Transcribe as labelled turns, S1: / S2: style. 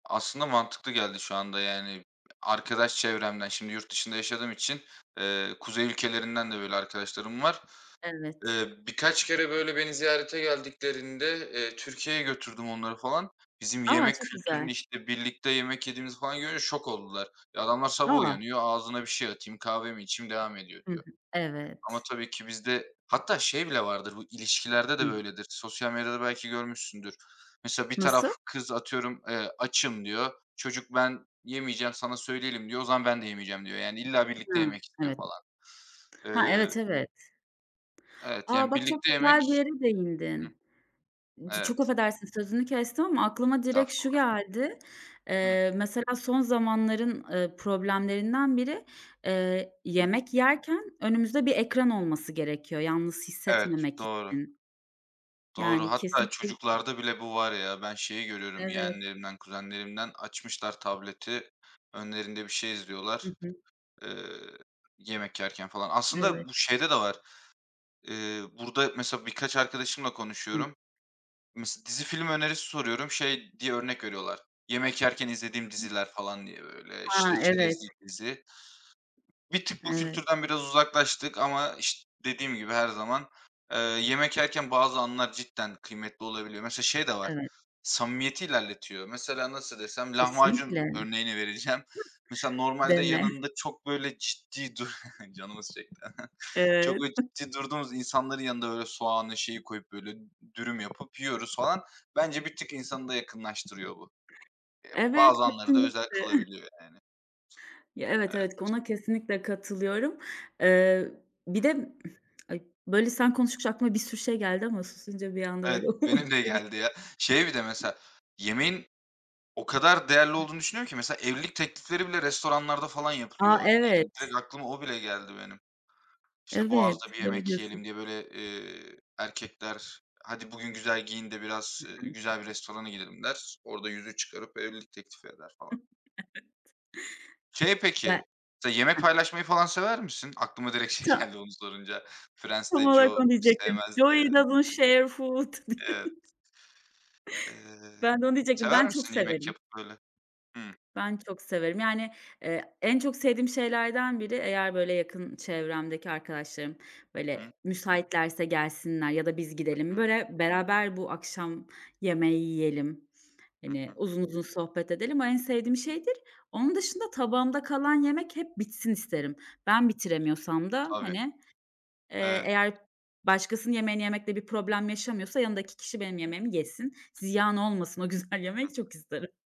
S1: Aslında mantıklı geldi şu anda, yani, arkadaş çevremden, şimdi yurt dışında yaşadığım için, eee, kuzey ülkelerinden de böyle arkadaşlarım var.
S2: Evet.
S1: Eee, birkaç kere, böyle, beni ziyarete geldiklerinde, eee, Türkiye'ye götürdüm onları, falan, bizim
S2: A,
S1: yemek
S2: çok güzel.
S1: kültürünü, işte, birlikte yemek yediğimizi falan görünce şok oldular. E, adamlar sabah
S2: A!
S1: uyanıyor, ağzıma bir şey atayım, kahve mi içeyim devam edeyim
S2: Hı hı.
S1: diyor ama
S2: Evet.
S1: tabii ki bizde hatta şey bile vardır, bu ilişkilerde de
S2: Hıh.
S1: böyledir, sosyal medyada belki görmüşsündür. Mesela bir taraf,
S2: Nasıl?
S1: kız atıyorum, eee, açım diyor. Çocuk ben yemeyeceğim, sana söyleyelim diyor. O zaman ben de yemeyeceğim diyor yani illa birlikte
S2: Hı
S1: yemek istiyor
S2: evet.
S1: falan.
S2: Ha,
S1: Eee
S2: evet, evet.
S1: Evet,
S2: A,
S1: yani,
S2: bak, çok
S1: birlikte
S2: güzel bir
S1: yemek
S2: yere
S1: hıh.
S2: değindin. C çok
S1: Evet.
S2: affedersin, sözünü kestim ama aklıma direkt şu
S1: Estağfurullah.
S2: geldi.
S1: Hıh.
S2: Eee, mesela son zamanların, ııı, problemlerinden biri, eee,
S1: Hı.
S2: yemek yerken önümüzde bir ekran olması gerekiyor yalnız
S1: Evet,
S2: hissetmemek
S1: doğru.
S2: için.
S1: Doğru.
S2: Yani,
S1: Hatta
S2: kesinlikle [unintelligible]
S1: çocuklarda bile bu var ya, ben şeyi görüyorum
S2: Evet.
S1: yeğenlerimden, kuzenlerimden açmışlar tableti. Önlerinde bir şey izliyorlar,
S2: Hı hı.
S1: eee, yemek yerken, falan. Aslında bu
S2: Evet.
S1: şeyde de var. Eee, burada mesela birkaç arkadaşımla
S2: Hımm.
S1: konuşuyorum. Mes dizi film önerisi soruyorum. Şey diye örnek veriyorlar. Yemek yerken izlediğim diziler, falan diye böyle,
S2: Ha,
S1: işte,
S2: evet.
S1: çerezlik dizi. Bir tık bu
S2: Evet.
S1: kültürden biraz uzaklaştık ama iş dediğim gibi her zaman, eee, yemek yerken bazı anlar cidden kıymetli olabiliyor. Mesela şey de var,
S2: Evet.
S1: samimiyeti ilerletiyor. Mesela, nasıl desem? Lahmacun
S2: Kesinlikle.
S1: örneğini vereceğim. Mesela normalde
S2: Deme.
S1: yanında çok böyle ciddi dur canımız çekti, çok
S2: Evet.
S1: böyle ciddi durduğumuz insanların yanında böyle soğanı, şeyi, koyup böyle dürüm yapıp yiyoruz falan. Bence bir tık insanı da yakınlaştırıyor bu. Eee,
S2: Evet,
S1: bazı anları da özel
S2: kesinlikle.
S1: kılabiliyor, yani.
S2: Ya evet,
S1: Evet.
S2: evet, ona kesinlikle katılıyorum. Eee, bir
S1: Hıh.
S2: de ay böyle sen konuşunca aklıma bir sürü şey geldi ama susunca bir anda
S1: Evet,
S2: böyle
S1: benim de
S2: uçtu
S1: geldi
S2: gitti.
S1: ya. Şey bir de mesela, yemeğin o kadar değerli olduğunu düşünüyorum ki mesela evlilik teklifleri bile restoranlarda falan
S2: A,
S1: yapılıyor. Yani,
S2: evet.
S1: direkt aklıma o bile geldi benim. İşte,
S2: Evet,
S1: Boğaz'da bir
S2: doğru
S1: yemek
S2: diyorsun.
S1: yiyelim diye böyle, eee, erkekler "Hadi, bugün güzel giyin de biraz,
S2: Hı
S1: eee,
S2: hı.
S1: güzel bir restorana gidelim." der. Orada yüzüğü çıkarıp evlilik teklifi eder falan.
S2: Evet.
S1: Şey
S2: [unintelligible] Ya,
S1: peki, mesela yemek
S2: hıh.
S1: paylaşmayı falan sever misin? Aklıma direkt şey
S2: Ta
S1: geldi onu sorunca.
S2: Tam
S1: Friends'te
S2: olarak
S1: Joey
S2: onu diyecektim.
S1: sevmezdi
S2: Joey
S1: ya.
S2: doesn't share food!
S1: Evet. Eee,
S2: Ben de onu diyecektim. Ben
S1: sever
S2: çok
S1: misin yemek
S2: severim.
S1: yapıp, böyle? Hımm.
S2: Ben çok severim, yani, eee, en çok sevdiğim şeylerden biri eğer, böyle, yakın çevremdeki arkadaşlarım,
S1: Hı hı.
S2: böyle, müsaitlerse gelsinler ya da biz
S1: Hı
S2: gidelim,
S1: hı.
S2: böyle, beraber bu akşam yemeği yiyelim,
S1: Hı
S2: hani,
S1: hı.
S2: uzun uzun sohbet edelim. O en sevdiğim şeydir. Onun dışında tabağımda kalan yemek hep bitsin isterim. Ben bitiremiyorsam da,
S1: Tabii.
S2: hani, eee,
S1: Evet.
S2: eğer başkasının yemeğini yemekte bir problem yaşamıyorsa yanımdaki kişi benim
S1: Hıh.
S2: yemeğimi yesin. Ziyan olmasın o güzel
S1: Hı hı.
S2: yemek çok isterim.